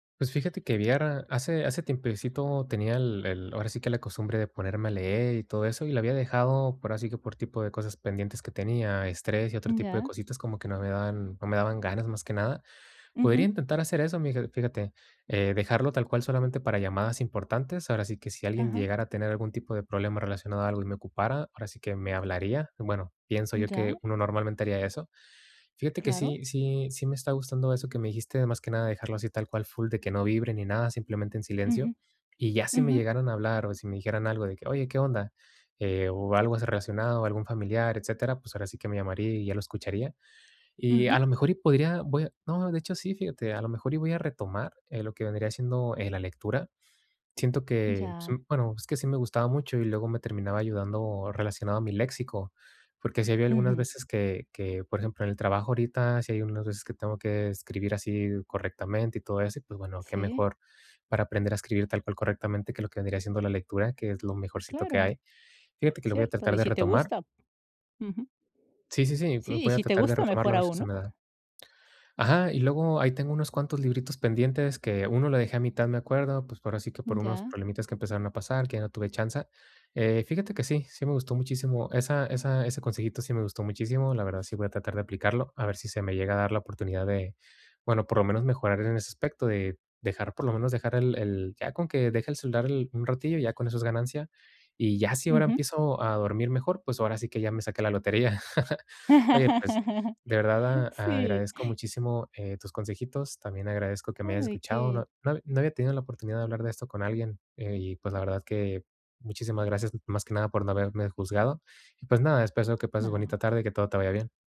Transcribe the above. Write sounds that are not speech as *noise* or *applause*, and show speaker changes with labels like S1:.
S1: Pues, fíjate que, *unintelligible* hace hace tiempecito tenía el el, ahora sí que, la costumbre de ponerme a leer y todo eso, y la había dejado, por así que por tipo de cosas pendientes que tenía, estrés, y otro tipo de
S2: Ya.
S1: cositas, como que no me daban no me daban ganas, más que nada, podría
S2: Ujú.
S1: intentar hacer eso, mira fíjate, eh, dejarlo tal cual, solamente para llamadas importantes, ahora sí que, si alguien
S2: Ajá.
S1: llegara a tener algún tipo de problema relacionado a algo y me ocupara, ahora sí que, me hablaría, bueno, pienso
S2: Mm,
S1: yo que,
S2: ya.
S1: uno normalmente haría eso, fíjate que
S2: Claro.
S1: sí sí sí me está gustando eso que me dijiste, más que nada, de dejarlo así tal cual, full de que no vibre ni nada, simplemente en
S2: Ujú,
S1: silencio, y ya si me
S2: ujú.
S1: llegaran a hablar o si me dijeran algo de que: "Oye, ¿qué onda?", eh, o algo así relacionado, algún familiar, etcétera, pues, ahora sí que me llamaría y ya lo escucharía, y a
S2: Ujú.
S1: lo mejor podría voy a no, de hecho, sí, fíjate, a lo mejor, y voy a retomar, eh, lo que vendría siendo, eh, la lectura, siento
S2: Mm,
S1: que, pues,
S2: ya.
S1: bueno, es que sí me gustaba mucho, y luego me terminaba ayudando relacionado a mi léxico, porque sí había algunas
S2: Ujú.
S1: veces que que, por ejemplo, en el trabajo, ahorita sí hay unas veces que tengo que escribir así correctamente y todo eso y, pues, bueno, qué
S2: Sí.
S1: mejor, para aprender a escribir tal cual correctamente que lo que vendría siendo la lectura, que es lo mejorcito que
S2: Claro,
S1: hay, fíjate que lo voy a
S2: cierto,
S1: tratar
S2: y
S1: de
S2: si te
S1: retomar.
S2: gusta, ujú.
S1: Sí, sí, sí,
S2: Sí, y
S1: voy a
S2: si te
S1: tratar de
S2: gusta,
S1: retomarlo
S2: mejor
S1: a ver si
S2: aún,
S1: se
S2: ¿no?
S1: me da ajá, y luego, ahí tengo unos cuantos libritos pendientes, que uno lo dejé a mitad, me acuerdo, pues, por así que por
S2: Mm,
S1: unos
S2: ya.
S1: problemitas que empezaron a pasar, que ya no tuve chance, eh, fíjate que sí, sí me gustó muchísimo, esa esa ese consejito sí me gustó muchísimo, la verdad, sí voy a tratar de aplicarlo, a ver si se me llega a dar la oportunidad de bueno, por lo menos mejorar en ese aspecto, de dejar, por lo menos, dejar el el ya con que deje el celular un ratillo, ya con eso es ganancia, y ya, si ahora
S2: Ujú.
S1: empiezo a dormir mejor, pues, ahora sí que ya me saqué la lotería, *chuckles* oye, pues,
S2: *laughs*
S1: de verdad a
S2: Sí.
S1: agradezco muchísimo, eh, tus consejitos, también agradezco que me
S2: No hay
S1: hayas
S2: de
S1: escuchado,
S2: qué.
S1: no no no había tenido la oportunidad de hablar de esto con alguien, eh, y, pues, la verdad que, muchísimas gracias, más que nada, por no haberme juzgado, pues, nada, espero que pases bonita
S2: No.
S1: tarde y que todo te vaya bien.